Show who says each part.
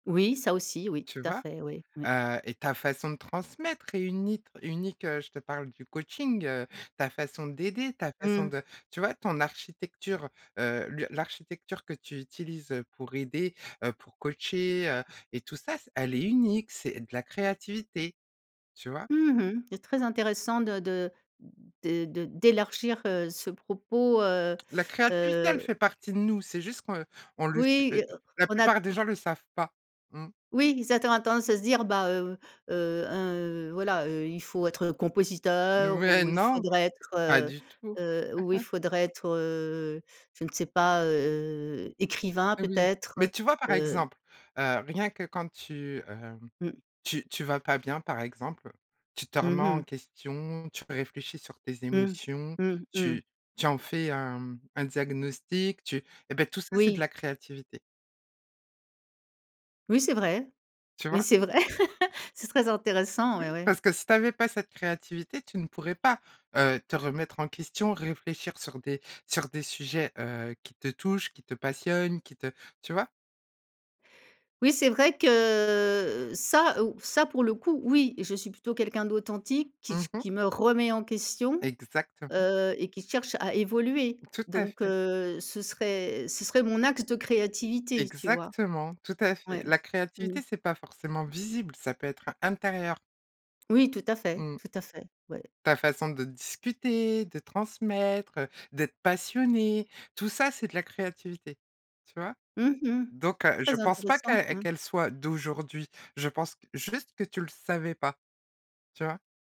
Speaker 1: Oui, ça aussi, oui, tout
Speaker 2: Tu
Speaker 1: à
Speaker 2: vois?
Speaker 1: fait, oui. Oui.
Speaker 2: Heu et ta façon de transmettre est unit unique, heu, je te parle du coaching, heu, ta façon d'aider, ta façon
Speaker 1: Mmh.
Speaker 2: de tu vois? Ton architecture, heu, le l'architecture que tu utilises, heu, pour aider, heu, pour coacher, heu et tout ça, c elle est unique, c'est de la créativité. Tu vois?
Speaker 1: Mmh mh. C'est très intéressant de de de de d'élargir, heu, ce propos, heu
Speaker 2: La créativité,
Speaker 1: heu
Speaker 2: elle fait partie de nous, c'est juste qu'on heu, on le sait,
Speaker 1: oui et
Speaker 2: heu,
Speaker 1: heu,
Speaker 2: la
Speaker 1: on a t
Speaker 2: plupart des gens le savent pas. Mmh.
Speaker 1: Oui, ils attend à tendance à se dire: «Bah, heu heu, un, heu, voilà, heu, il faut être, heu, compositeur
Speaker 2: Mais
Speaker 1: ou il
Speaker 2: non.
Speaker 1: faudrait être,
Speaker 2: Pas
Speaker 1: heu
Speaker 2: du tout.
Speaker 1: heu, ou il faudrait être, heu- je ne sais- pas, heu, écrivain,
Speaker 2: Mais oui.
Speaker 1: peut-être,
Speaker 2: Mais tu vois, par
Speaker 1: heu»
Speaker 2: exemple, heu, rien que quand tu, hem,
Speaker 1: Mmh.
Speaker 2: tu tu vas pas bien, par exemple, tu te
Speaker 1: Mmh
Speaker 2: remets en
Speaker 1: mh.
Speaker 2: question, tu réfléchis sur tes
Speaker 1: Mmh,
Speaker 2: émotions,
Speaker 1: mmh, mmh.
Speaker 2: tu tu en fais un, mmh, un diagnostic, tu eh beh tout ça, c'est de
Speaker 1: Oui.
Speaker 2: la créativité
Speaker 1: Oui, c'est vrai.
Speaker 2: tu
Speaker 1: Mais
Speaker 2: vois?
Speaker 1: c'est vrai. C'est très intéressant, ouais,
Speaker 2: Oui,
Speaker 1: ouais.
Speaker 2: parce que si tu avais pas cette créativité, tu ne pourrais pas, heu, te remettre en question, réfléchir sur des sur des sujets, heu, qui te touchent, qui te passionnent, qui te tu vois?
Speaker 1: Oui, c'est vrai que, heu, ça, ou ça, pour le coup, oui et je suis plutôt quelqu'un d'authentique qui
Speaker 2: Mmh
Speaker 1: s
Speaker 2: mh.
Speaker 1: qui me remet en question,
Speaker 2: Exactement.
Speaker 1: heu et qui cherche à évoluer.
Speaker 2: Tout à
Speaker 1: Donc
Speaker 2: fait.
Speaker 1: heu, ce serait ce serait mon axe de créativité, tu vois?
Speaker 2: Exactement, tout à
Speaker 1: Ouais.
Speaker 2: fait. La
Speaker 1: Mmh
Speaker 2: créativité,
Speaker 1: mh.
Speaker 2: c'est pas forcément visible, ça peut être intérieur.
Speaker 1: Oui, tout à fait.
Speaker 2: Mmh.
Speaker 1: Tout à fait. Ouais.
Speaker 2: Ta façon de disputer, de transmettre, heu, d'être passionnée, tout ça, c'est de la créativité. Tu vois?
Speaker 1: Mmh mh.
Speaker 2: Donc heu, je
Speaker 1: Très
Speaker 2: pense pas
Speaker 1: intéressant,
Speaker 2: que
Speaker 1: mmh.
Speaker 2: qu'elle soit d'aujourd'hui, je pense juste que tu le savais pas. Tu vois?